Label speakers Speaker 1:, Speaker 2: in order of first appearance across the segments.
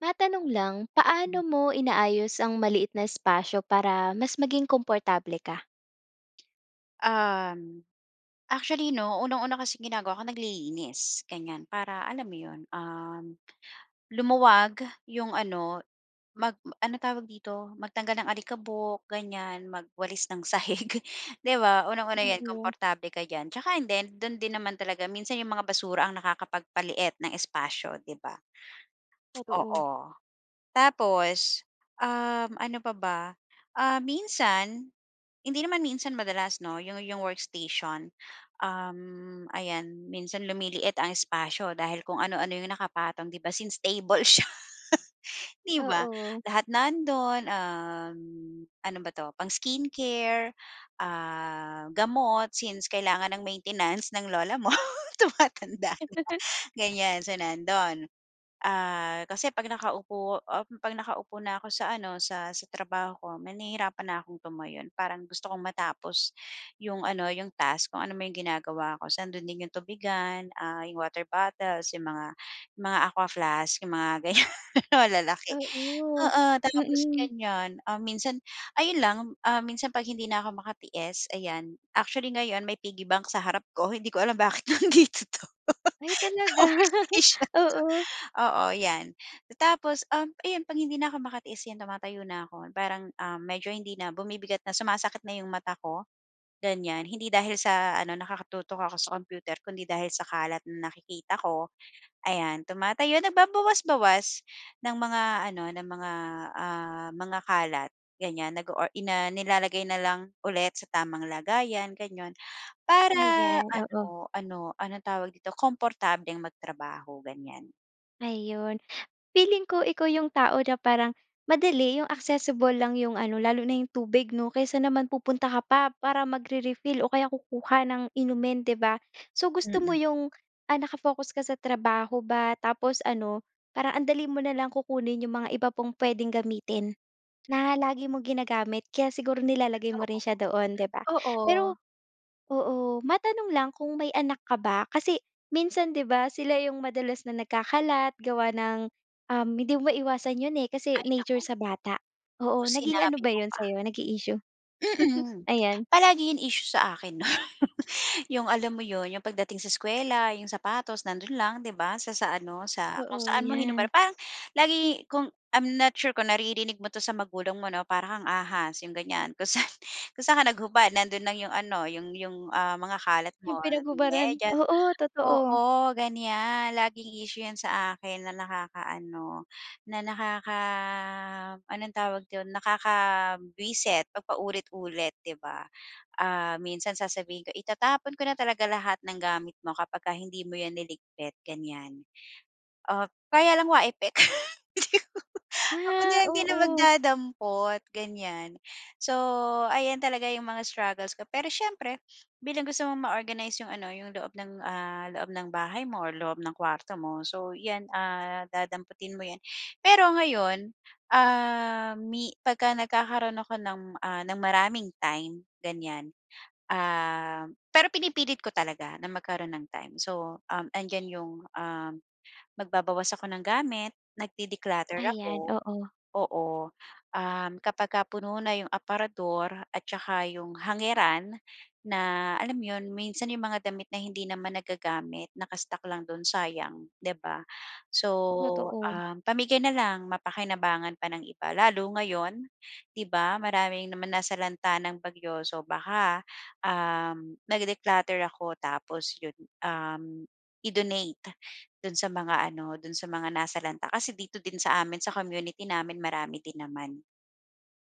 Speaker 1: Matanong lang,
Speaker 2: Mm.
Speaker 1: paano mo inaayos ang maliit na espasyo para mas maging komportable ka?
Speaker 2: Um, actually, 'no? Unang-una kasing ginagawa ko naglilinis, ganyan. Para alam mo 'yon, um, lumuwag 'yong ano, mag m ano tawag dito? Magtanggal ng alikabok, ganyan, magwalis ng sahig. 'Di ba? Unang-una 'yan,
Speaker 1: Oo.
Speaker 2: komportable ka diyan. Tsaka hindi, do'n din naman talaga minsan 'yong mga basura ang nakakapagpaliit ng espasyo, 'di ba?
Speaker 1: Totoo.
Speaker 2: Oo, tapos, um, ano pa ba? Ah, minsan, hindi naman minsan, madalas, 'no? 'Yong-'yong workstation, um, ayan minsan lumiliit ang espasyo dahil kung ano-ano 'yong nakapatong, 'di ba? Since table siya, 'di ba?
Speaker 1: Oo.
Speaker 2: Lahat nando'n, um, ano ba 'to? Pang-skin care, ah, gamot, since kailangan ng maintenance ng lola mo tumatanda na ganyan, so, nando'n. Ah, kasi 'pag nakaupo, um, pag nakaupo na ako sa ano, sa sa trabaho ko. Me nahirapan na akong tumayo parang gusto kong matapos 'yong ano, 'yong task, kung anuman 'yong ginagawa ko. So, ando'n din 'yong tubigan, ah, 'yong water bottles, 'yong mga 'yong mga Aqua Flask 'yong mga ganyan malalaki.
Speaker 1: Oo.
Speaker 2: Oo, tapos
Speaker 1: Mhm.
Speaker 2: ganyan, ah, minsan ayun lang, ah, minsan 'pag hindi na'ko makatiis, ayan actually, ngayon may piggy bank sa harap ko. Hindi ko alam bakit nandito 'to,
Speaker 1: Ay,
Speaker 2: sa
Speaker 1: talaga?
Speaker 2: workstation ko.
Speaker 1: Oo.
Speaker 2: Oo 'yan. Tapos, um, ayun 'pag hindi na'ko makatiis 'yan tumatayo na ako. Parang, um, medyo hindi na bumibigat na, sumasakit na 'yong mata ko, ganyan. Hindi dahil sa ano, nakatutok ako sa computer, kundi dahil sa kalat na nakikita ko. Ayan, tumatayo nagbabawas-bawas ng mga ano, ng mga, ah, mga kalat ganyan. Nag-o-or ina nilalagay na lang ulit sa tamang lagayan gano'n. Para
Speaker 1: Ayan, oo.
Speaker 2: ano ano, anong tawag dito komportableng magtrabaho ganyan.
Speaker 1: Ayon, feeling ko ikaw 'yong tao na parang, madali 'yong accessible lang 'yong ano, lalo na 'yong tubig 'no, kaysa naman pupunta ka pa para magre-refill o kaya kukuha ng inumin 'di ba? So, gusto mo
Speaker 2: Mm.
Speaker 1: 'yong, ah, naka-focus ka sa trabaho ba tapos ano, parang ang dali mo na lang kukunin 'yong mga iba pang puwedeng gamitin, na lagi mong ginagamit. Kaya siguro nilalagay mo rin siya doon, 'di ba.
Speaker 2: Oo, oo.
Speaker 1: Pero oo, matanong lang kung may anak ka ba? Kasi, minsan 'di ba, sila 'yong madalas na nagkakalat, gawa ng, um, hindi mo maiiwasan 'yon eh, kasi
Speaker 2: Ay,
Speaker 1: nature
Speaker 2: naku.
Speaker 1: sa bata.
Speaker 2: Oo,
Speaker 1: Oo, naging ano
Speaker 2: sinabi
Speaker 1: ba
Speaker 2: mo
Speaker 1: 'yon
Speaker 2: pa.
Speaker 1: sa'yo? Naging issue?
Speaker 2: Mm,
Speaker 1: Ayan.
Speaker 2: palagi yung issue sa akin 'no. 'Yong alam mo 'yon, 'yong pagdating sa eskuwela, 'yong sapatos nando'n lang 'di ba, sa sa ano, sa kung
Speaker 1: Oo,
Speaker 2: saan mo hinubad.
Speaker 1: 'yan.
Speaker 2: Parang lagi kung I'm not sure kung naririnig mo 'to sa magulang mo 'no, "Para kang ahas." 'yong ganyan. Kung sa'n kung sa'n ka naghubad nando'n lang 'yong ano, 'yong 'yong, ah, mga kalat
Speaker 1: Yung
Speaker 2: mo,
Speaker 1: pinaghubaran.
Speaker 2: medyas
Speaker 1: Oo, totoo.
Speaker 2: oo, ganyan. Laging issue yan sa akin na nakakaano, na nakaka anong tawag do'n? Nakakabwisit 'pag paulit-ulit 'di ba? Ah, minsan sasabihin ko, "Itatapon ko na talaga lahat ng gamit mo kapagka hindi mo yan niligpit." ganyan. O, kaya lang wa epek. Ako
Speaker 1: Ah,
Speaker 2: na lang din ang
Speaker 1: oo.
Speaker 2: magdadampot ganyan. So, ayan talaga yung mga struggles ko pero siyempre, bilang gusto mong ma-organize 'yong ano, 'yong loob ng, ah, loob ng bahay mo or loob ng kuwarto mo, so 'yan, ah, dadamputin mo 'yan. Pero ngayon, ah, mi pagka nagkakaro'n ako ng, ah, ng maraming time ganyan, um pero pinipilit ko talaga na magkaro'n ng time. So, um, andiyan 'yong, um, magbabawas ako ng gamit, nag-de-declutter
Speaker 1: Ayan,
Speaker 2: ako.
Speaker 1: oo.
Speaker 2: Oo, um, kapagka puno na yung aparador at tsaka yung hangeran na alam mo yun? Minsan yung mga damit na hindi naman nagagamit, naka-stock lang do'n, sayang 'di ba? So,
Speaker 1: Totoo.
Speaker 2: um, pamigay na lang, mapakinabangan pa ng iba. Lalo ngayon, 'di ba, maraming naman nasalanta ng bagyo. So, baka, um, nag-declutter ako tapos 'yon, um, i-donate do'n sa mga ano, do'n sa mga nasalanta. Kasi dito din sa amin, sa community namin, marami din naman.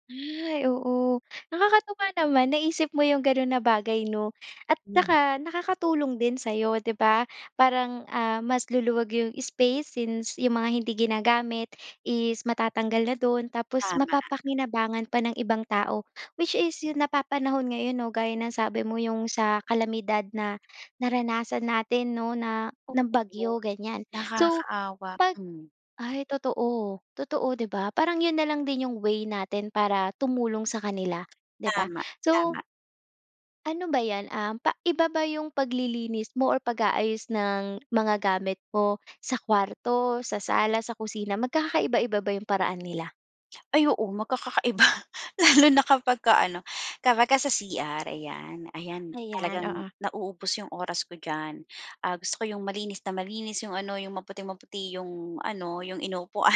Speaker 1: Ay, oo. Nakakatuwa naman, naisip mo yung ganun na bagay 'no. At
Speaker 2: Hmm.
Speaker 1: saka nakakatulong din sa'yo 'di ba, parang, ah, mas luluwag yung space since yung mga hindi ginagamit is matatanggal na do'n tapos
Speaker 2: Tama.
Speaker 1: mapapakinabangan pa ng ibang tao. Which is yung napapanahon ngayon 'no, gaya ng sabi mo, 'yung sa kalamidad na naranasan natin 'no na ng
Speaker 2: Oo,
Speaker 1: bagyo, ganyan. So
Speaker 2: nakakaawa.
Speaker 1: 'pag
Speaker 2: Hmm.
Speaker 1: ay totoo totoo 'di ba, parang yun nalang din yung way natin para tumulong sa kanila, 'di ba.
Speaker 2: Tama,
Speaker 1: So
Speaker 2: tama.
Speaker 1: Ano ba yan? Um, pa iba ba 'yung paglilinis mo or pag-aayos ng mga gamit mo sa kuwarto, sa sala, sa kusina, magkakaiba-iba ba 'yung paraan nila?
Speaker 2: Ay oo, magkakakaiba, lalo na kapagka ano, kapagka sa CR, ayan. Ayan,
Speaker 1: Ayan,
Speaker 2: talagang
Speaker 1: oo.
Speaker 2: nauubos yung oras ko diyan. Ah, gusto ko yung malinis na malinis, yung ano, yung maputing-maputi yung ano, yung inuupuan,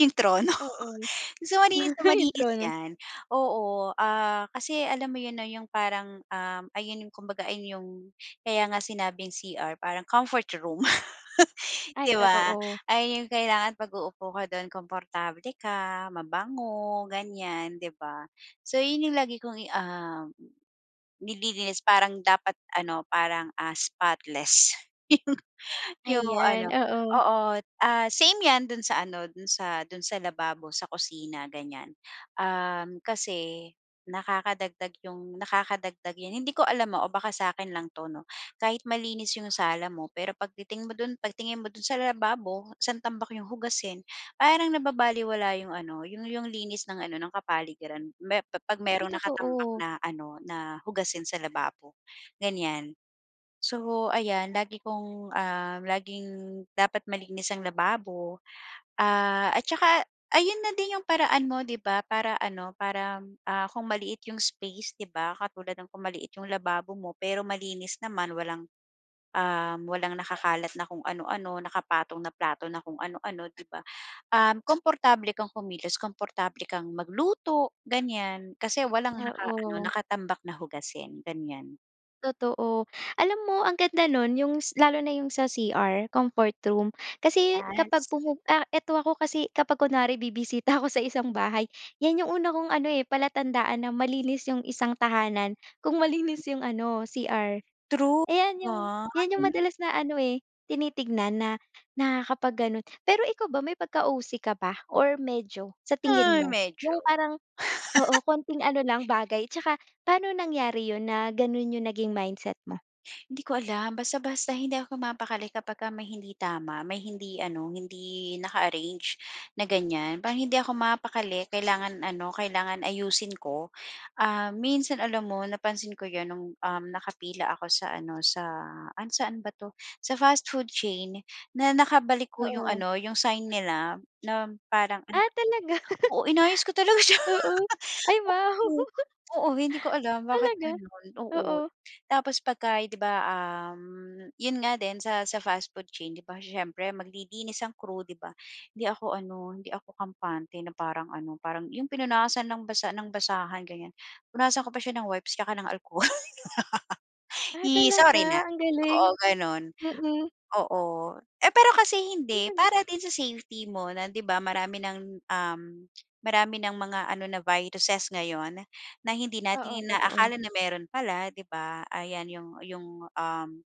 Speaker 2: yung trono.
Speaker 1: Oo.
Speaker 2: So, malinis na
Speaker 1: 'Yong
Speaker 2: malinis
Speaker 1: trono.
Speaker 2: 'yan. Oo, ah, kasi alam mo 'yon 'no, 'yong parang, um, ayun yung kumbaga ayon yung kaya nga sinabing CR, parang comfort room, 'di
Speaker 1: Ay,
Speaker 2: ba.
Speaker 1: totoo.
Speaker 2: Ayon yung kailangan 'pag uupo ka do'n, komportable ka, mabango, ganyan 'di ba. So, yun lagi kong i um, nililinis parang dapat ano, parang, ah, spotless yung yung
Speaker 1: Ayan,
Speaker 2: ano
Speaker 1: oo.
Speaker 2: oo, ah, same 'yan do'n sa ano, do'n sa do'n sa lababo, sa kusina, ganyan. Um, kasi nakakadagdag yung nakakadagdag 'yan hindi ko alam ah o baka sa'kin lang 'to, 'no. Kahit malinis yung sala mo pero 'pag titingin mo do'n pag tingin mo do'n sa lababo, 'sang tambak yung hugasin, parang nababalewala yung ano, yung yung linis ng ano, ng kapaligiran. Me pa 'pag
Speaker 1: Uy,
Speaker 2: mayro'n nakatambak
Speaker 1: totoo.
Speaker 2: na ano, na hugasin sa lababo, ganyan. So, ayan lagi kong, ah, laging dapat malinis ang lababo, ah, at saka ayun na din 'yung paraan mo 'di ba para ano para, ah, kung maliit yung space, 'di ba. Katulad ng kung maliit yung lababo mo pero malinis naman, walang um, walang nakakalat na kung ano-ano, nakapatong na plato na kung ano-ano 'di ba. Um, komportable kang kumilos, komportable kang magluto, ganyan. Kasi walang naka-ano,
Speaker 1: Oo.
Speaker 2: nakatambak na hugasin, ganyan.
Speaker 1: Totoo. Alam mo, ang ganda no'n, 'yong s lalo na 'yong sa CR, comfort room. Kasi
Speaker 2: Yes.
Speaker 1: kapag pumupu ah, eto ako kasi kapag kunwari bibisita ako sa isang bahay, 'yan 'yong una kong ano eh, palatandaan na malinis 'yong isang tahanan, kung malinis 'yong ano, CR.
Speaker 2: True, di
Speaker 1: Ayan 'yong
Speaker 2: ba?
Speaker 1: 'yan 'yong
Speaker 2: Yun yong
Speaker 1: madalas na ano eh, tinitignan na nakakapag ganon. Pero ikaw ba may pagka-OC ka ba or medyo? Sa tingin
Speaker 2: Ay,
Speaker 1: mo, 'yong
Speaker 2: medyo.
Speaker 1: parang oo, konting ano lang bagay tsaka paano nangyari yun na ganun yung naging mindset mo?
Speaker 2: Hindi ko alam, basta-basta hindi ako mapapakali kapagka may hindi tama, may hindi ano, hindi naka-arrange na ganyan. Parang hindi ako mapapakali, kailangan ano, kailangan ayusin ko. Ah, minsan alam mo, napansin ko 'yon no'ng, um, nakapila ako sa ano, sa, ano saan ba 'to, sa fast food chain na nakabaliko 'yong
Speaker 1: Oo.
Speaker 2: ano, 'yong sign nila na parang ano
Speaker 1: Ah, talaga?
Speaker 2: oo, inayos ko talaga siya.
Speaker 1: Oo. Ay, wow.
Speaker 2: Oo, hindi ko alam bakit
Speaker 1: Talaga?
Speaker 2: gano'n. Oo,
Speaker 1: Oo.
Speaker 2: tapos pagka 'di ba, um, yun nga din sa sa fast food chain 'di ba siyempre maglilinis ang crew 'di ba hindi ako ano, hindi ako kampante na parang ano, parang 'yong pinunasan ng basa ng basahan ganyan, punasan ko pa siya ng wipes tsaka ng alkohol.
Speaker 1: Ah,
Speaker 2: Ih sorry na.
Speaker 1: talaga? Ang galing.
Speaker 2: Oo, gano'n.
Speaker 1: Mm.
Speaker 2: Oo, eh pero kasi hindi,
Speaker 1: [unintelligible]
Speaker 2: para din sa safety mo na 'di ba marami ng, um, marami ng mga ano na viruses ngayon na hindi
Speaker 1: Oo,
Speaker 2: natin
Speaker 1: totoo.
Speaker 2: inaakala na mayro'n pala 'di ba. Ayan 'yong 'yong, um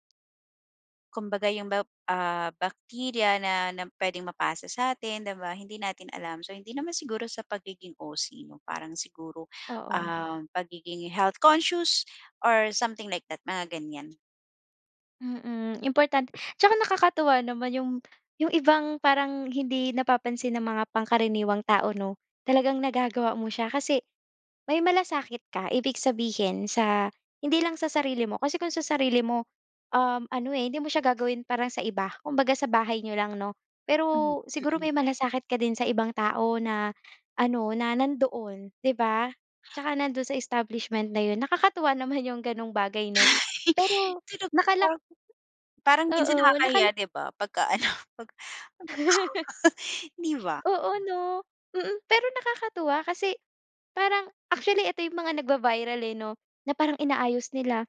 Speaker 2: Kumbaga yung ba ah, bacteria na na puwedeng mapasa satin di ba, hindi natin alam. So, hindi naman siguro sa pagiging OC 'no? Parang siguro,
Speaker 1: Oo.
Speaker 2: ah, pagiging health conscious or something like that, mga ganyan.
Speaker 1: Mm, important tsaka nakakatuwa naman 'yong 'yong ibang, parang hindi napapansin ng mga pangkaraniwang tao, 'no? Talagang nagagawa mo siya. Kasi may malasakit ka, ibig sabihin sa hindi lang sa sarili mo. Kasi kung sa sarili mo, um, ano eh, hindi mo siya gagawin, parang sa iba. Kumbaga sa bahay n'yo lang 'no? Pero
Speaker 2: Hmm,
Speaker 1: siguro
Speaker 2: mm.
Speaker 1: may malasakit ka din sa ibang tao na, ano, na nandoon, 'di ba? Tsaka nando'n sa establishment na 'yon. Nakakatuwa naman 'yong ganong bagay 'no? Pero
Speaker 2: [unintelligible]
Speaker 1: nakala
Speaker 2: Parang minsan
Speaker 1: oo, nakala
Speaker 2: nakakahiya 'di ba? Pagka-ano, 'pag ano ba 'to? Di ba?
Speaker 1: Oo, 'no? Mm. Pero nakakatuwa kasi, parang actually eto 'yong mga nagva-viral eh, 'no? Na parang inaayos nila.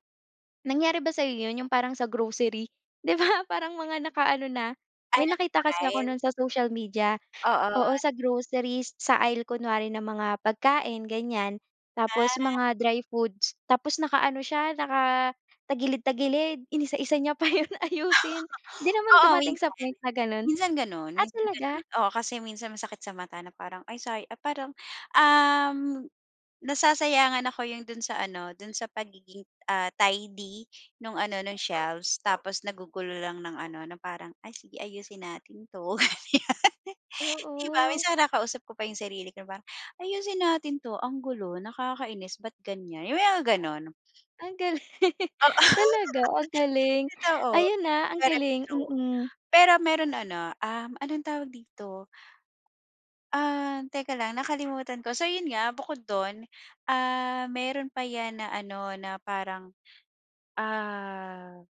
Speaker 1: Nangyari ba sa 'yo 'yon? 'Yong parang sa grocery, 'di ba? Parang mga nakaano na
Speaker 2: Ay,
Speaker 1: may nakita kasi ako
Speaker 2: naka-file.
Speaker 1: no'n sa social media.
Speaker 2: Oo.
Speaker 1: Oo, sa groceries sa aisle kunwari ng mga pagkain, ganyan. Tapos
Speaker 2: Ah.
Speaker 1: mga dry foods tapos naka-ano siya, nakatagilid-tagilid, inisa-isa niya pa 'yon ayusin. 'Di naman
Speaker 2: Oo,
Speaker 1: dumating sa
Speaker 2: minsan.
Speaker 1: point na gano'n?
Speaker 2: Minsan gano'n,
Speaker 1: Ah,
Speaker 2: minsan
Speaker 1: talaga?
Speaker 2: gano'n. Oo kasi minsan masakit sa mata, na parang ay say ah, parang, um, nasasayangan ako 'yong do'n sa ano, do'n sa pagiging, ah, tidy nung ano, nung shelves. Tapos nagugulo lang ng ano, na parang, "Ay, sige ayusin natin 'to", ganyan. Di ba?
Speaker 1: Oo.
Speaker 2: Minsan kinakausap ko pa yung sarili ko parang, "Ayusin natin 'to, ang gulo, nakakainis, ba't ganyan." yung may mga ganon.
Speaker 1: Ang galing.
Speaker 2: Oo.
Speaker 1: Talaga? Ang galing.
Speaker 2: Totoo,
Speaker 1: Ayun ah, ang
Speaker 2: puwera
Speaker 1: galing,
Speaker 2: biro.
Speaker 1: mm.
Speaker 2: Pero meron ano, um, anong tawag dito? Ah, teka lang nakalimutan ko. So yun nga, bukod dun, ah, meron pa yan na ano, na parang, ah,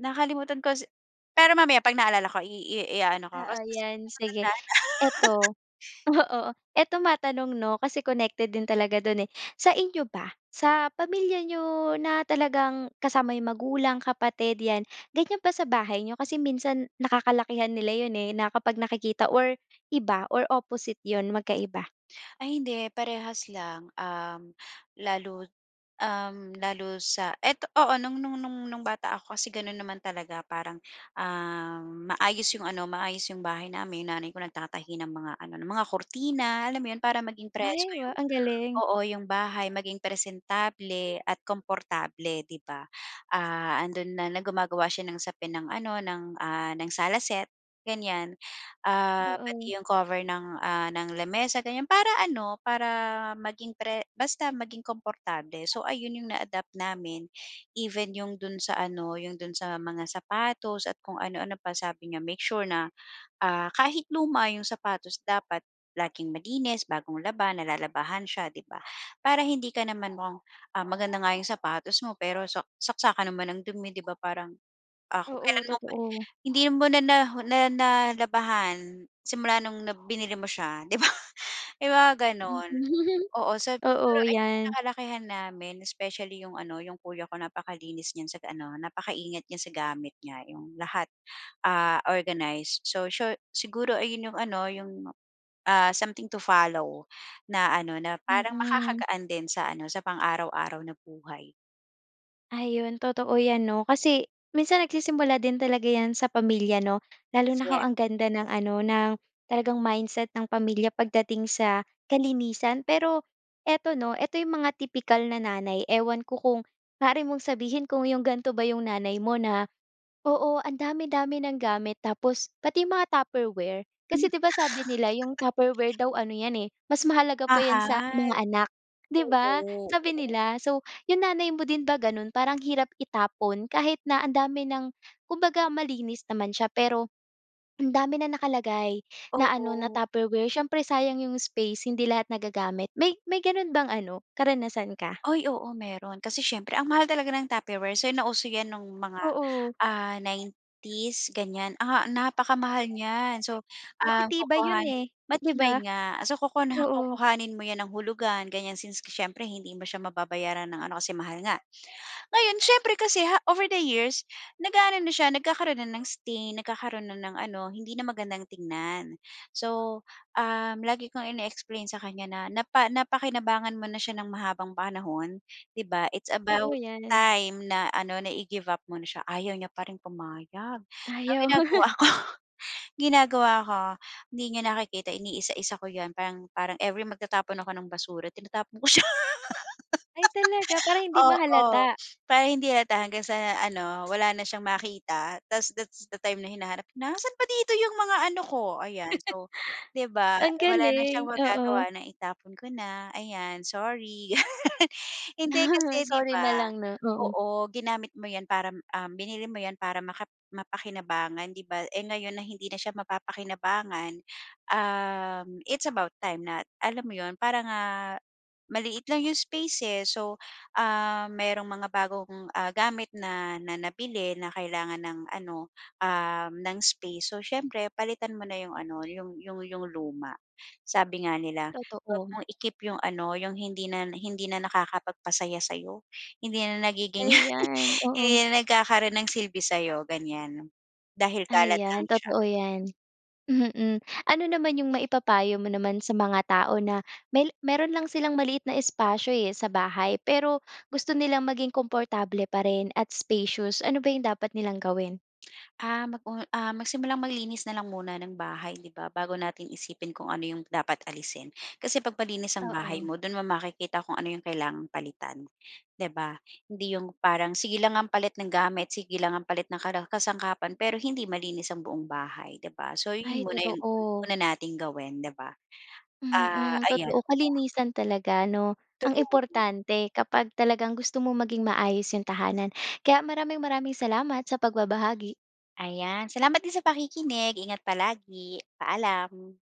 Speaker 2: nakalimutan ko si pero mamaya 'pag naalala ko i i ia-ano ko
Speaker 1: Oo,
Speaker 2: kasi hindi ko
Speaker 1: 'yan
Speaker 2: talaga
Speaker 1: sige.
Speaker 2: matandaan.
Speaker 1: Ito, oo. Ito matanong 'no? Kasi connected din talaga do'n eh. Sa inyo ba, sa pamilya n'yo, na talagang kasama yung magulang, kapatid, 'yan, ganyan ba sa bahay niyo? Kasi minsan, nakakalakihan nila 'yon eh, na kapag nakikita or iba or opposite 'yon magkaiba?
Speaker 2: Ay, hindi, parehas lang. Um, lalo, um, lalo sa eto, oo, no'ng-no'ng-no'ng no'ng bata ako, kasi gano'n naman talaga parang, ah, maayos 'yong ano, maayos 'yong bahay namin. Nanay ko, nagtatahi ng mga ano, ng mga kurtina alam mo 'yon? Para maging presko
Speaker 1: Ay, wow!
Speaker 2: 'yong
Speaker 1: Ang galing!
Speaker 2: oo, 'yong bahay, maging presentable at komportable 'di ba? Ah, 'andon na, na gumagawa siya ng sapin ng ano, ng, ah, ng sala set, ganyan. Ah,
Speaker 1: Oo.
Speaker 2: pati 'yong cover ng, ah, ng lamesa, ganyan. Para ano, para, maging pre basta maging komportable. So, ayun 'yong na-adapt namin. Even 'yong do'n sa ano, 'yong do'n sa mga sapatos, at kung ano-ano pa. Sabi niya, "Make sure na, ah, kahit luma 'yong sapatos dapat laging malinis, bagong laba, nalalabahan siya." 'di ba? Para hindi ka naman mukhang ah, maganda nga 'yong sapatos mo pero sak saksakan naman ng dumi 'di ba? Parang, ah, kung
Speaker 1: Oo,
Speaker 2: kailan mo pa
Speaker 1: totoo.
Speaker 2: hindi mo na na na nalabahan simula no'ng na binili mo siya 'di ba may mga
Speaker 1: Mm,
Speaker 2: gano'n. Oo, sab siguro
Speaker 1: Oo,
Speaker 2: ay
Speaker 1: 'yan.
Speaker 2: nakalakihan namin, especially 'yong ano, 'yong kuya ko napakalinis niyan sa ano napakaingat niya sa gamit niya. 'Yong lahat, ah, organized. So, siyo siguro ayun 'yong ano, 'yong, ah, something to follow, na ano, na parang
Speaker 1: Mm.
Speaker 2: makakagaan din sa ano, sa pang-araw-araw na buhay.
Speaker 1: Ayun, totoo 'yan, 'no? Kasi minsan nagsisimula din talaga 'yan sa pamilya, 'no? Lalo na kung
Speaker 2: [unintelligible]
Speaker 1: ang ganda ng ano, ng talagang mindset ng pamilya pagdating sa kalinisan. Pero ito, 'no? Ito 'yong mga tipikal na nanay. Ewan ko kung maari mong sabihin kung 'yong ganito ba 'yong nanay mo, na oo, ang dami-dami ng gamit, tapos pati mga Tupperware.
Speaker 2: Hmm.
Speaker 1: Kasi, 'di ba, sabi
Speaker 2: [unintelligible]
Speaker 1: nila 'yong Tupperware daw ano 'yan, eh, mas mahalaga pa 'yan sa
Speaker 2: Mahal.
Speaker 1: mga anak, 'di ba?
Speaker 2: Oo,
Speaker 1: Sabi
Speaker 2: oo.
Speaker 1: nila. So 'yong nanay mo din ba gano'n? Parang hirap itapon kahit na ang dami ng kumbaga malinis naman siya, pero ang dami na nakalagay na ano, na
Speaker 2: Oo.
Speaker 1: Tupperware. Siyempre sayang 'yong space, hindi lahat nagagamit. May may gano'n bang ano, karanasan ka?
Speaker 2: Uy, oo mayroon. Kasi siyempre ang mahal talaga ng Tupperware. So, nauso 'yan no'ng mga,
Speaker 1: Oo.
Speaker 2: ah, 90's ganyan. Ah, napakamahal niyan. So, um,
Speaker 1: Matitibay 'yon,
Speaker 2: kukuhanin
Speaker 1: eh, 'di ba?
Speaker 2: matibay nga. So [unintelligible]
Speaker 1: Oo.
Speaker 2: kukuhanin mo 'yan ng hulugan, ganyan. Since siyempre, hindi mo siya mababayaran ng ano, kasi mahal nga. Ngayon, siyempre kasi ha over the years, nag-a-ano na siya. Nagkakaro'n na ng stain, nagkakaro'n na ng ano, hindi na magandang tingnan. So, um, lagi kong ine-explain sa kanya na napa napakinabangan mo na siya ng mahabang panahon, 'di ba? It's
Speaker 1: Oo,
Speaker 2: about
Speaker 1: 'yan.
Speaker 2: time na ano, na i-give up mo na siya. Ayaw niya pa rin pumayag. So, ang
Speaker 1: Ayaw.
Speaker 2: ginagawa ko ginagawa ko, hindi niya nakikita iniisa-isa ko 'yan. Parang parang every magtatapon ako ng basura, tinatapon ko siya.
Speaker 1: Ay talaga, para hindi
Speaker 2: Oo,
Speaker 1: mahalata.
Speaker 2: para hindi halata, hanggang sa ano, wala na siyang makita. Tapos, that's the time na hinahanap, "Nasa'n ba dito 'yong mga ano ko?" Ayan. So, 'di ba?
Speaker 1: Ang
Speaker 2: Eh, wala na siyang
Speaker 1: galing,
Speaker 2: magagawa,
Speaker 1: oo.
Speaker 2: naitapon ko na. Ayan, "Sorry." Hindi kasi, 'di
Speaker 1: Sorry na
Speaker 2: ba
Speaker 1: lang, 'no? Oo.
Speaker 2: oo, ginamit mo 'yan para, um, binili mo 'yan para makap mapakinabangan, 'di ba? Eh, ngayon na hindi na siya mapapakinabangan. Um, it's about time na alam mo 'yon? Para nga maliit lang 'yong space, eh. So, ah, mayro'ng mga bagong, ah, gamit na nabili na kailangan ng ano, um, ng space. So, siyempre palitan mo na 'yong ano, 'yong 'yong 'yong luma. Sabi nga nila, huwag
Speaker 1: Totoo.
Speaker 2: mong i-keep 'yong ano, 'yong hindi na hindi na nakakapagpasaya sa'yo. Hindi na nagiging
Speaker 1: Ayan,
Speaker 2: hindi
Speaker 1: oo.
Speaker 2: na nagkakaro'n ng silbi sa'yo, ganyan. Dahil kalat lang
Speaker 1: Ayan, totoo
Speaker 2: siya.
Speaker 1: 'yan. Mm, ano naman 'yong maipapayo mo naman sa mga tao na may mayroon lang silang maliit na espasyo, eh, sa bahay. Pero gusto nilang maging komportable pa rin at spacious. Ano ba 'yong dapat nilang gawin?
Speaker 2: Ah, mag o ah, magsimulang maglinis na lang muna ng bahay, 'di ba? Bago natin isipin kung ano 'yong dapat alisin. Kasi 'pag malinis ang bahay
Speaker 1: Oo.
Speaker 2: mo, do'n mo makikita kung ano 'yong kailangang palitan, 'di ba? Hindi 'yong parang, sige lang ang palit ng gamit, sige lang ang palit ng kara kasangkapan. Pero hindi malinis ang buong bahay, 'di ba? So, 'yon
Speaker 1: Ay,
Speaker 2: muna 'yong
Speaker 1: totoo.
Speaker 2: una nating gawin, 'di ba? Ah,
Speaker 1: Mm,
Speaker 2: ayan.
Speaker 1: totoo kalinisan talaga, 'no? Ang
Speaker 2: True.
Speaker 1: importante, kapag talagang gusto mo maging maayos 'yong tahanan. Kaya, maraming maraming salamat sa pagbabahagi.
Speaker 2: Ayan. Salamat din sa pakikinig. Ingat palagi. Paalam.